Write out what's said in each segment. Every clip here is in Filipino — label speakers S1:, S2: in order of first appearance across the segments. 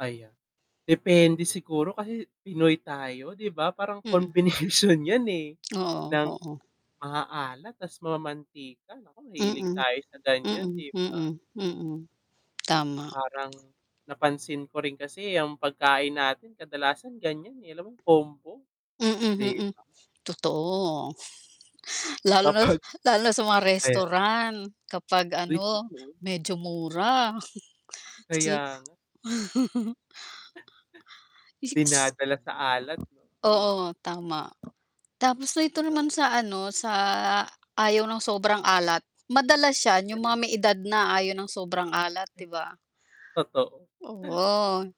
S1: Ayan. Depende siguro kasi pinoy tayo,, 'di ba? Parang
S2: Mm
S1: combination 'yan, eh,
S2: Oo.
S1: ng
S2: Oo.
S1: maaaalat tas mamantika, naku mahilig
S2: Mm.
S1: tayo sa ganyan
S2: Mm.
S1: 'di ba?
S2: Mm. Mm. Tama.
S1: Parang napansin ko rin kasi, eh, ang pagkain natin kadalasan ganyan, eh, alam mo combo
S2: Mm.
S1: 'di
S2: Mm.
S1: ba?
S2: Totoo. Lalo na
S1: Dapat.
S2: lalo na sa mga
S1: Ayan.
S2: restaurant kapag
S1: Uy,
S2: ano
S1: totoo?
S2: medyo mura kasi.
S1: Kaya nga.
S2: [unintelligible]
S1: Dinadala sa alat no, mm.
S2: Oo tama, tapos dito naman
S1: Hello?
S2: sa, ano, sa ayaw ng sobrang alat, madalas siya, yung mga
S1: Ganun.
S2: may edad na ayaw ng sobrang alat, 'di ba?
S1: Totoo.
S2: Oo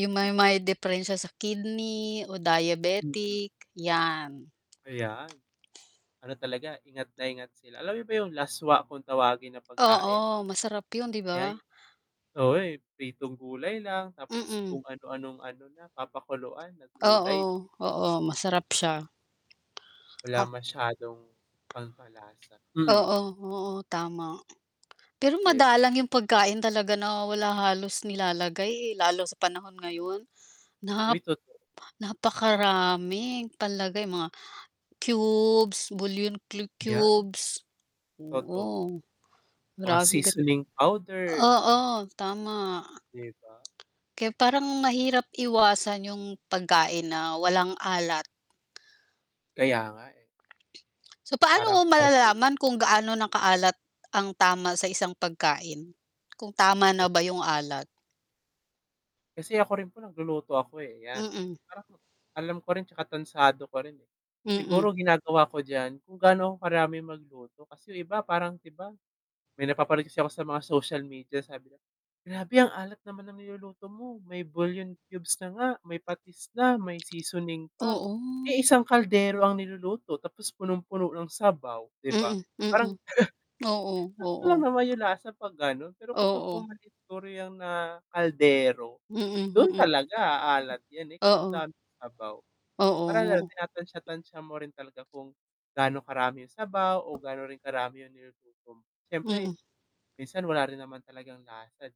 S2: yung, may may diperensya sa kidney o
S1: Mm.
S2: diabetic, 'yan.
S1: Ayan. Ano talaga, ingat na ingat sila. Alam mo ba yung laswa kung tawagin na pagkain?
S2: Oo, masarap yun, 'di
S1: Yan.
S2: ba?
S1: Oo, eh, pritong gulay lang, tapos
S2: Mm.
S1: kung ano anong ano na papakuluan na
S2: Oo,
S1: gulay.
S2: oo masarap siya.
S1: Wala masyadong pampalasa. Hmm.
S2: Oo. Oo. Tama. Pero
S1: 'Di ba?
S2: madalang yung pagkain talaga nawawala halos nilalagay, eh, lalo sa panahon ngayon nap
S1: Uy totoo
S2: napakaraming palagay mga cubes, bouillon cu
S1: Yan.
S2: cubes,
S1: Totoo.
S2: oo
S1: Mga
S2: maraming ganun.
S1: seasoning powder.
S2: Oo tama.
S1: 'Di ba?
S2: Kaya parang mahirap iwasan yung pagkain na walang alat.
S1: kaya nga eh.
S2: So, paano mo
S1: Parang parte.
S2: malalaman kung gaano na kaalat ang tama sa isang pagkain? Kung tama na
S1: Ay
S2: ba yung alat?
S1: Kasi ako rin po nagluluto ako, eh, 'yan
S2: Mm.
S1: parang alam ko rin, tsaka tantsado ko rin, eh,
S2: Mm.
S1: siguro ginagawa ko diyan, kung gaano ako karaming magluto, kasi 'yong iba parang iba may napapansin kasi ako sa mga social media, sabi nila grabe ang alat naman ng niluluto mo may bouillon cubes na nga may patis na, may seasoning pa,
S2: Oo.
S1: eh, isang kaldero ang niluluto tapos punong-puno ng sabaw, 'di ba?
S2: Mm.
S1: Parang?
S2: Mm. Oo,
S1: Sakto lang
S2: oo.
S1: naman yung lasa 'pag gano'n, pero kapag
S2: Oo.
S1: [unintelligible] na kaldero,
S2: Mm.
S1: dun
S2: Mm.
S1: talaga a-alat yan, eh, kaso
S2: Oo.
S1: daming sabaw, parang ganun
S2: Oo.
S1: tinatantya tantya mo rin talaga, kung gaano karami yung sabaw o gaano rin karami yung niluluto mo, syempre
S2: Mm.
S1: minsan wala rin naman talagang lasa di